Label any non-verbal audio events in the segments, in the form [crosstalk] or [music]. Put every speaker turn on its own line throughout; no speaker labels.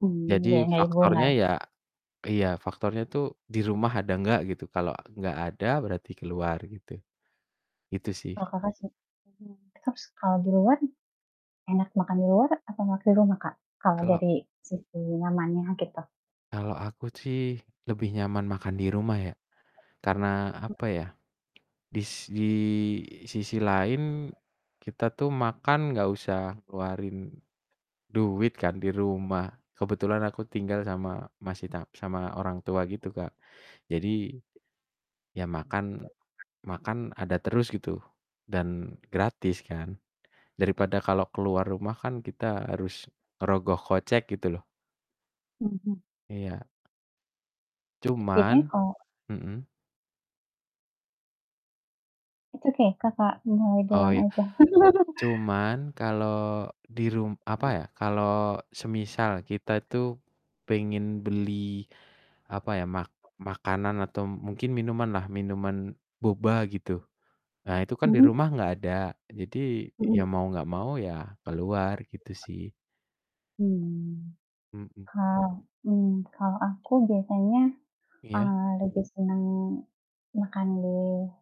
Mmm.
Jadi, faktornya
[unintelligible]
ya iya, faktornya tuh di rumah ada nggak, gitu. Kalau nggak ada berarti keluar, gitu, gitu sih.
Oh Kakak sen mmm, terus kalau di luan, enak makan di luar atau makan di rumah Kak? Kalau
Kalau
dari sisi nyamannya, gitu?
kalau aku sih lebih nyaman makan di rumah ya. Karena, apa ya, dis di sisi lain, kita tuh makan nggak usah keluarin duit kan, di rumah. Kebetulan, aku tinggal sama, masih ta sama orang tua gitu Kak. Jadi, ya makan makan ada terus gitu, dan gratis kan, daripada kalau keluar rumah kan kita harus ngerogoh kocek, gitu loh.
Mhm.
Iya.
Biasanya
Cuman
kalau
mhm?
Itu kayak Kakak [unintelligible]
Oh,
doang
ya.
aja. [laughs]
Cuman, kalau di rum apa ya, kalau semisal kita tuh, pengen beli, apa ya, mak makanan, atau mungkin minuman lah, minuman boba gitu. Nah, itu kan di
Mhm.
rumah nggak ada, jadi ya
Mhm.
mau nggak mau ya keluar, gitu sih.
Mmm.
Mhm.
Kal mmm, kalau aku biasanya,
Iya?
eee, lebih seneng, makan di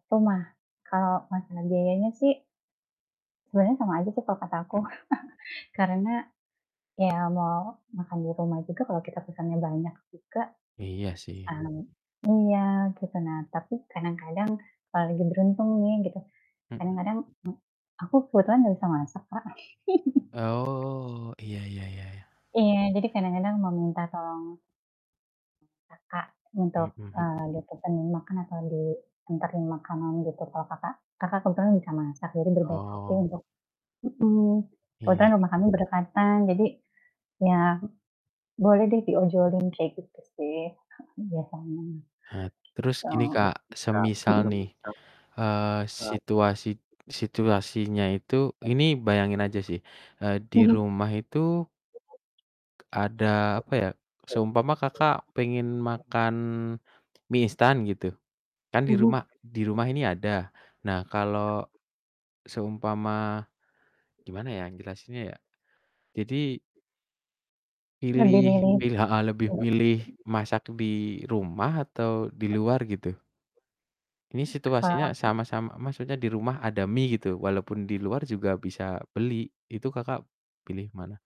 rumah, kalau masalah biayanya sih sebenarnya sama aja sih kalau kata aku.
Hmm.
[chuckles] Karena, ya mau makan di rumah juga kalau kita pesannya banyak juga,
Iya sih.
[unintelligible] iya gitu. Nah, tapi kadang-kadang, kalau lagi beruntung nih gitu,
Mhm.
kadang-kadang, m aku kebetulan gak bisa masak, Kak. [laughs]
Oh, iya iya iya iya.
Iya, jadi kadang-kadang meminta tolong kakak untuk,
Mhm mhm.
eee, dapetin makan atau dianterin makanan gitu, kalau kakak kakak kebetulan bisa masak jadi berbaik hati
Oh.
untuk mhm,
Iya.
kebetulan rumah kami berdekatan. Jadi, ya, boleh deh diojolin kayak gitu sih heeh, biasanya,
Ha terus gini Kak,
gitu.
semisal nih,
Mhm.
eee, situasi situasinya itu ini bayangin aja sih, eee, di
Mhm.
rumah itu ada, apa ya, seumpama Kakak pengen makan, mie instan gitu. Kan di
Mhm.
rumah di rumah ini ada, nah kalau seumpama, gimana ya jelasinnya ya. Jadi
Mending
pilih
ini.
pilih heeh, lebih milih masak di rumah atau di luar gitu? Ini
Kalau
situasinya
aku
sama-sama maksudnya dirumah ada mie gitu, walaupun diluar juga bisa beli, itu Kakak pilih mana?